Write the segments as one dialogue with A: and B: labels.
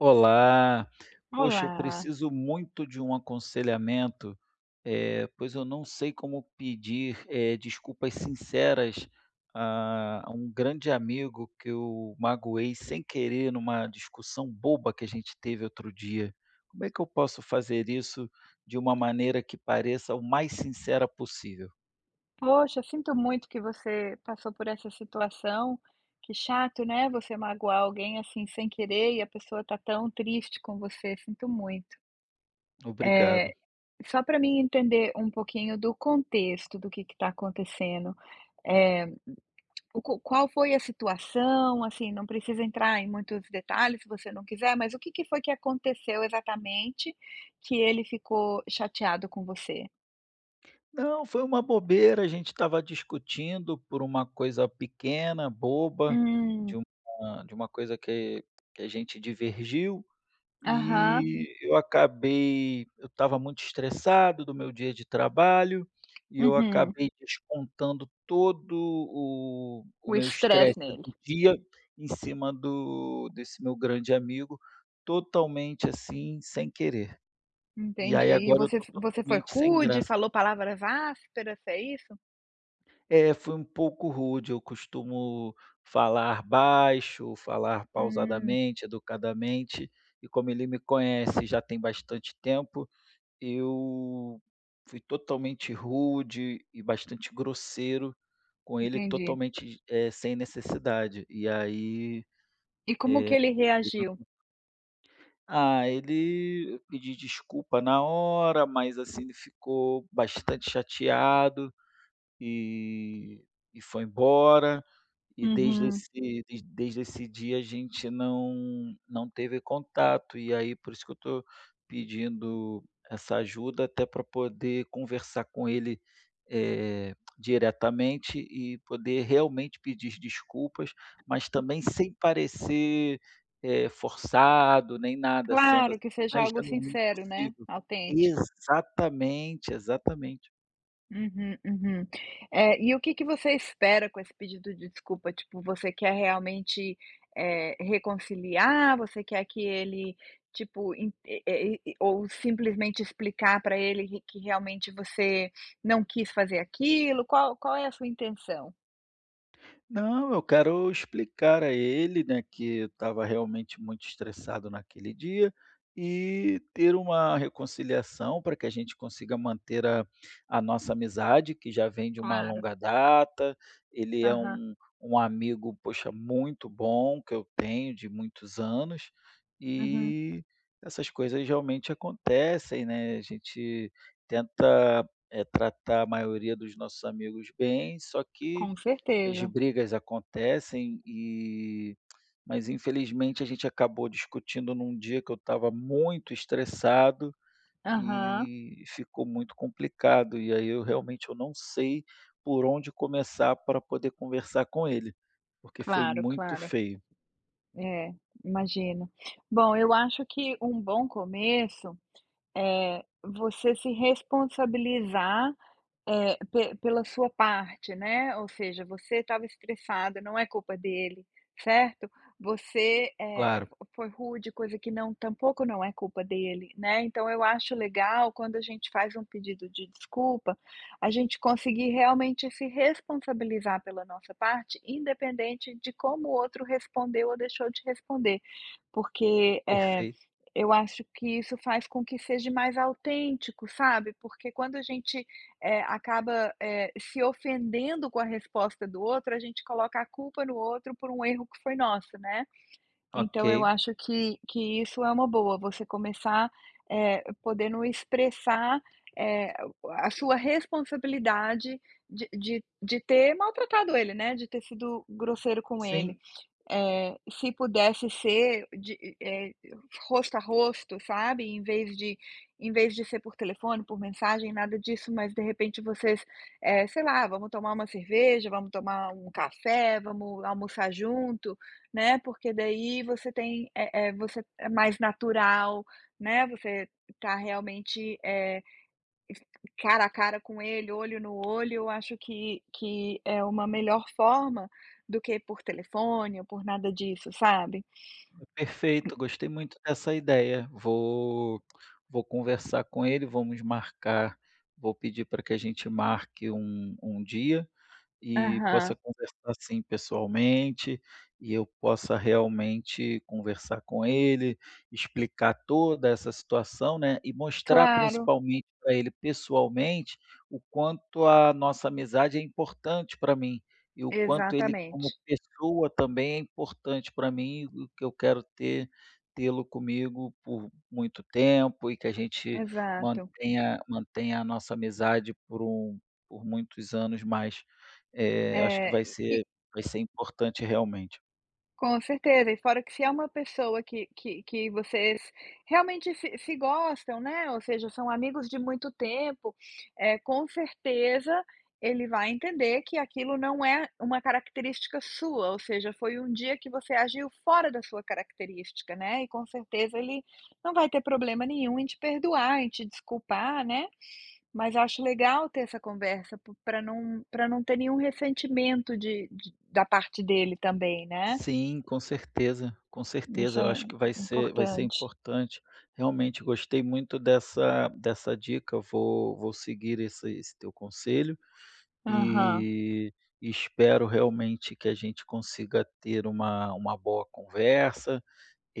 A: Olá! Poxa, eu
B: Olá!
A: preciso muito de um aconselhamento, eh, pois eu não sei como pedir, eh, desculpas sinceras a a um grande amigo que eu magoei sem querer em uma discussão boba que a gente teve outro dia, como é que eu posso fazer isso de uma maneira que pareça o mais sincera possível?
B: Poxa, sinto muito que você passou por essa situação. Que chato, né, você magoar alguém, assim, sem querer e a pessoa tá tão triste com você, sinto muito. Eh,
A: Obrigado.
B: só para mim entender um pouquinho do contexto, do que que tá acontecendo, eh, o q qual foi a situação assim, não precisa entrar em muitos detalhes se você não quiser, mas o que que foi que aconteceu exatamente que ele ficou chateado com você?
A: Não, foi uma bobeira, a gente estava discutindo por uma coisa pequena, boba, de
B: Hum.
A: uma de uma coisa que que a gente divergiu,
B: Aham.
A: e eu acabei eu estava muito estressado do meu dia de trabalho e eu
B: Uhum.
A: acabei descontando todo o o
B: O
A: meu estresse
B: estresse nele.
A: do dia em cima do desse meu grande amigo, totalmente, assim, sem querer, e aí
B: Entendi. E
A: agora eu
B: você
A: estou
B: você foi
A: totalmente sem
B: rude e
A: graça.
B: falou palavras ásperas, é isso?
A: É, fui um pouco rude, eu costumo falar baixo, falar
B: Hum.
A: pausadamente, educadamente, e como ele me conhece já tem bastante tempo, eu fui totalmente rude e bastante grosseiro com ele
B: Entendi.
A: totalmente, eh, sem necessidade. E aí,
B: E como que
A: eh,
B: ele
A: teve
B: reagiu?
A: um Ah, ele pedi desculpa na hora, mas, assim, ele ficou bastante chateado, e e foi embora, e desde
B: Uhum.
A: esse desde esse dia a gente não não teve contato e aí por isso que eu tô pedindo essa ajuda até pra poder conversar com ele, eh, diretamente e poder realmente pedir desculpas, mas também sem parecer, eh, forçado nem nada, sendo,
B: Claro
A: assim,
B: que seja
A: mais
B: algo
A: genuíno
B: sincero, né,
A: possível.
B: autêntico.
A: Exatamente, exatamente.
B: Uhum, uhum. É, e o que que você espera com esse pedido de desculpa? Tipo, você quer realmente, eh, reconciliar, você quer que ele, tipo, en e e ou simplesmente explicar para ele q que realmente você não quis fazer aquilo, qual qual é a sua intenção?
A: Não, eu quero explicar a ele, né, que eu estava realmente muito estressado naquele dia e ter uma reconciliação pra que a gente consiga manter a a nossa amizade, que já vem de uma
B: Claro.
A: longa data. Ele é
B: Aham.
A: um um amigo, poxa, muito bom que eu tenho de muitos anos,
B: Uhum.
A: e essas coisas realmente acontecem, né, a gente tenta, eh, tratar a maioria dos nossos amigos bem, só que
B: Com
A: as
B: certeza.
A: brigas acontecem e mas infelizmente a gente acabou discutindo em um dia que eu estava muito estressado,
B: Aham.
A: e ficou muito complicado. E aí eu realmente eu não sei por onde começar pra poder conversar com ele, porque foi
B: Claro,
A: muito
B: claro.
A: feio.
B: É, imagino. Bom, eu acho que um bom começo, é você se responsabilizar, eh, pe pela sua parte, né, ou seja, você estava estressado, não é culpa dele, certo? Você, eh, f
A: Claro.
B: foi rude, coisa que não tampouco não é culpa dele, né, então eu acho legal quando a gente faz um pedido de desculpa, a gente conseguir realmente se responsabilizar pela nossa parte, independente de como o outro respondeu ou deixou de responder. Porque, eh,
A: Perfeito.
B: eu acho que isso faz com que seja mais autêntico, sabe, porque quando a gente, eh, acaba, eh, se ofendendo com a resposta do outro, a gente coloca a culpa no outro por um erro que foi nosso, né. Então eu
A: Ok.
B: acho que que isso é uma boa, você começar, eh, podendo expressar, eh, a sua responsabilidade de de de ter maltratado ele, né, de ter sido grosseiro com ele,
A: Sim.
B: eh, se pudesse ser de eh eh, e rosto a rosto, sabe, em vez de em vez de ser por telefone, por mensagem, nada disso, mas de repente vocês eh, sei lá: "Vamos tomar uma cerveja, vamos tomar um café, vamos almoçar junto", né, porque daí você tem eh eh, você é mais natural, né, você tá realmente, eh, es cara a cara com ele, olho no olho, eu acho que que é uma melhor forma do que por telefone ou por nada disso, sabe.
A: É, perfeito, gostei muito dessa ideia, vou vou conversar com ele, vamos marcar vou pedir pra que a gente marque um um dia, e possa
B: Aham.
A: conversar sim pessoalmente, e eu possa realmente conversar com ele, explicar toda essa situação, né, e mostrar
B: Claro.
A: principalmente pra ele pessoalmente o quanto a nossa amizade é importante pra mim e o quanto ele como
B: Exatamente.
A: pessoa também é importante pra mim, e o que eu quero ter tê-lo comigo por muito tempo e que a gente
B: Exato.
A: mantenha mantenha a nossa amizade por um por muitos anos. Mas, eh, acho que
B: É,
A: vai
B: e
A: ser vai ser importante realmente.
B: Com certeza. E fora que se é uma pessoa que que que vocês realmente se se gostam, né, ou seja são amigos de muito tempo, eh, com certeza ele vai entender que aquilo não é uma característica sua, ou seja, foi um dia que você agiu fora da sua característica, né, e com certeza ele não vai ter problema nenhum em te perdoar, em te desculpar, né. Mas acho legal ter essa conversa p pra não pra não ter nenhum ressentimento de de da parte dele também, né.
A: Sim, com certeza. Com
B: Isso
A: certeza, eu
B: é
A: acho
B: im
A: que vai ser vai ser
B: importante.
A: importante. Realmente gostei muito dessa dessa dica, vou vou seguir esse esse teu conselho
B: Aham.
A: e espero realmente que a gente consiga ter uma uma boa conversa,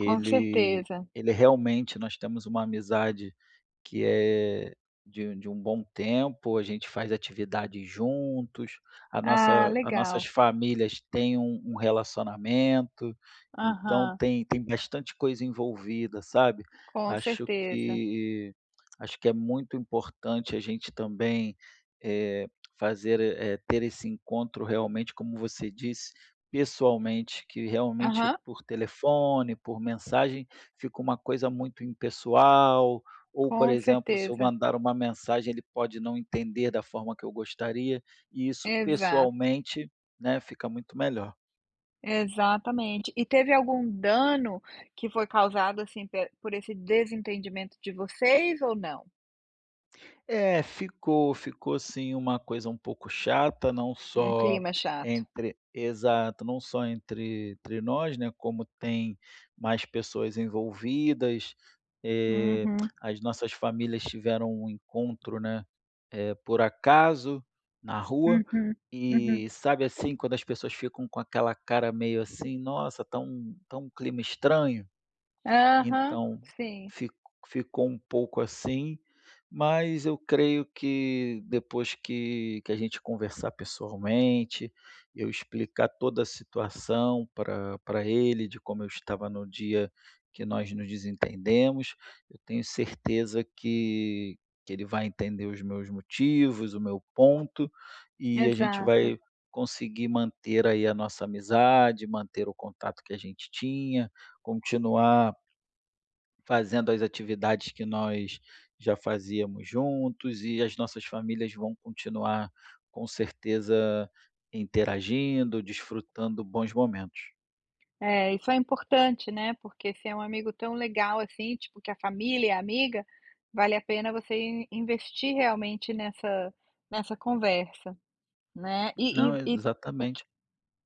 B: Com certeza.
A: ele realmente nós temos uma amizade que é de de um bom tempo, a gente faz atividades juntos, a
B: Ah,
A: nossa a nossas
B: legal.
A: famílias têm um um relacionamento, então
B: Aham.
A: tem tem bastante coisa envolvida, sabe,
B: Com
A: acho
B: certeza.
A: que acho que é muito importante a gente também, eh, fazer eh, ter esse encontro realmente, como você disse, pessoalmente, que realmente
B: Aham.
A: por telefone, por mensagem, fica uma coisa muito impessoal, ou por
B: Com
A: exemplo, se eu
B: certeza.
A: mandar uma mensagem ele pode não entender da forma que eu gostaria, e isso
B: Exato.
A: pessoalmente, né, fica muito melhor.
B: Exatamente. E teve algum dano que foi causado, assim, pe por esse desentendimento de vocês ou não?
A: É, ficou ficou sim, uma coisa um pouco chata, não
B: Um
A: só
B: clima chato.
A: entre exato, não só entre entre nós, né, como tem mais pessoas envolvidas, eh,
B: Uhum.
A: as nossas famílias tiveram um encontro, né, eh, por acaso, na rua,
B: Uhum, uhum.
A: e sabe, assim, quando as pessoas ficam com aquela cara meio, assim: "Nossa, tá um tá um clima estranho".
B: Aham,
A: Então,
B: sim.
A: fic ficou um pouco assim, mas eu creio que depois que que a gente conversar pessoalmente, eu explicar toda a situação pra pra ele de como eu estava no dia que nós nos desentendemos, eu tenho certeza que que ele vai entender os meus motivos, o meu ponto, e a gente
B: Exato.
A: vai conseguir manter aí a nossa amizade, manter o contato que a gente tinha, continuar fazendo as atividades que nós já fazíamos juntos e as nossas famílias vão continuar, com certeza, interagindo, desfrutando bons momentos.
B: É, isso é importante, né, porque se é um amigo tão legal, assim, tipo, que a família é amiga, vale a pena você in investir realmente nessa nessa conversa, né. E e
A: Não,
B: e o q
A: exatamente.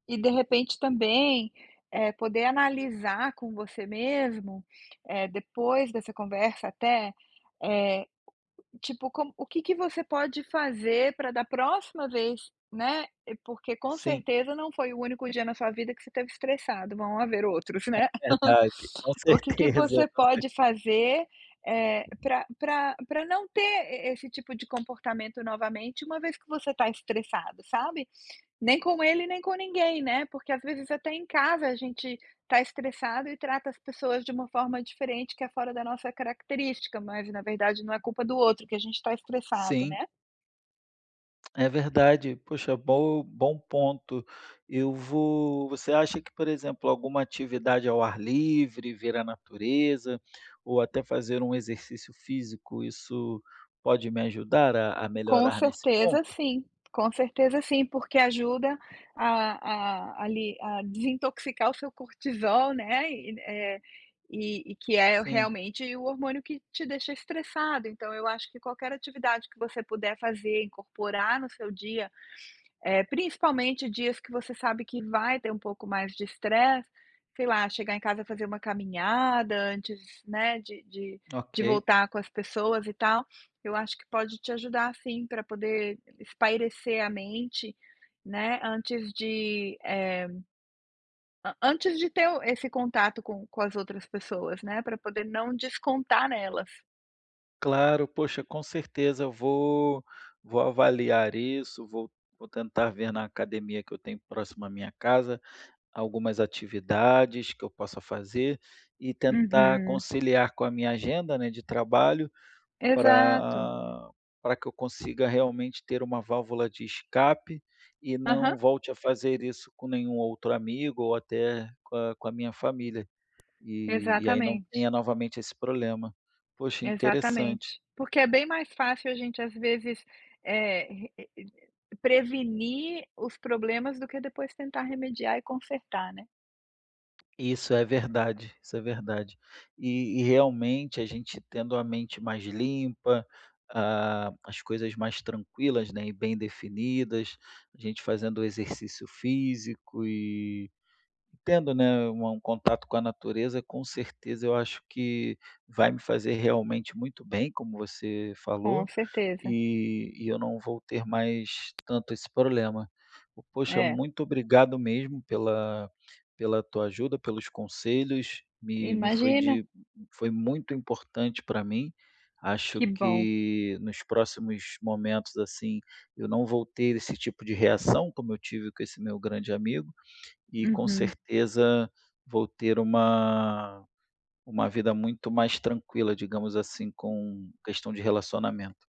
B: e de repente também, eh, poder analisar com você mesmo, eh, depois dessa conversa até, eh, tipo, como o que que você pode fazer para da próxima vez né, porque com
A: Sim.
B: certeza não foi o único dia na sua vida que você esteve estressado, vão haver outros, né,
A: É verdade, com
B: o que que
A: certeza,
B: você
A: com cer
B: pode fazer, eh, pra pra pra não ter e esse tipo de comportamento novamente uma vez que você está estressado, sabe, nem com ele nem com ninguém né, porque às vezes até em casa a gente tá estressado e trata as pessoas de uma forma diferente que é fora da nossa característica, mas na verdade não é culpa do outro que a gente está estressado,
A: Sim.
B: né.
A: É verdade, poxa, bom bom ponto, eu vou você acha que, por exemplo, alguma atividade ao ar livre, ver a natureza, ou até fazer um exercício físico, isso pode me ajudar a a
B: Com
A: melhorar nesse
B: certeza,
A: ponto?
B: sim. Com certeza, sim, porque ajuda a a ali a desintoxicar o seu cortisol, né, e eh, e e que é
A: Sim.
B: realmente o hormônio que te deixa estressado, então eu acho que qualquer atividade que você puder fazer, incorporar no seu dia, eh, principalmente dias que você sabe que vai ter um pouco mais de estresse, sei lá, chegar em casa e fazer uma caminhada antes, né, de de de
A: Ok.
B: voltar com as pessoas e tal, eu acho que pode te ajudar sim para poder espairecer a mente, né, antes de eh, an antes de ter o esse contato com com as outras pessoas, né, para poder não descontar nelas.
A: Claro. Poxa, com certeza eu vou vou avaliar isso, vou vou tentar ver na academia que eu tenho próximo à minha casa algumas atividades que eu possa fazer, e tentar
B: Uhum.
A: conciliar com a minha agenda, né, de trabalho,
B: Exato.
A: pra pra que eu consiga realmente ter uma válvula de escape, e
B: Aham.
A: não volte a fazer isso com nenhum outro amigo ou até com a com a minha família, e e aí não
B: Exatamente.
A: tenha novamente esse problema. Poxa, interessante.
B: Exatamente. Porque é bem mais fácil a gente, às vezes, eh, re re prevenir os problemas do que depois tentar remediar e consertar, né.
A: E isso é verdade, isso é verdade. E e realmente a gente tendo a mente mais limpa, a as coisas mais tranquilas, né, e bem definidas, a gente fazendo exercício físico e tendo, né, um contato com a natureza com certeza eu acho que vai me fazer realmente muito bem, como você
B: Com
A: falou,
B: certeza.
A: e e eu não vou ter mais tanto esse problema. Poxa,
B: É.
A: muito obrigado mesmo pela pela tua ajuda, pelos conselhos, me me foi
B: Imagina.
A: de foi muito importante pra mim, acho
B: Que bom.
A: que nos próximos momentos, assim, eu não vou ter esse tipo de reação como eu tive com esse meu grande amigo, e com
B: Uhum.
A: certeza vou ter uma uma vida muito mais tranquila, digamos, assim, com questão de relacionamento.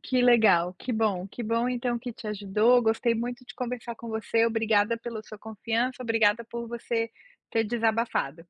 B: Que legal, que bom. Que bom então que te ajudou, gostei muito de conversar com você, obrigada pela sua confiança, obrigada por você ter desabafado.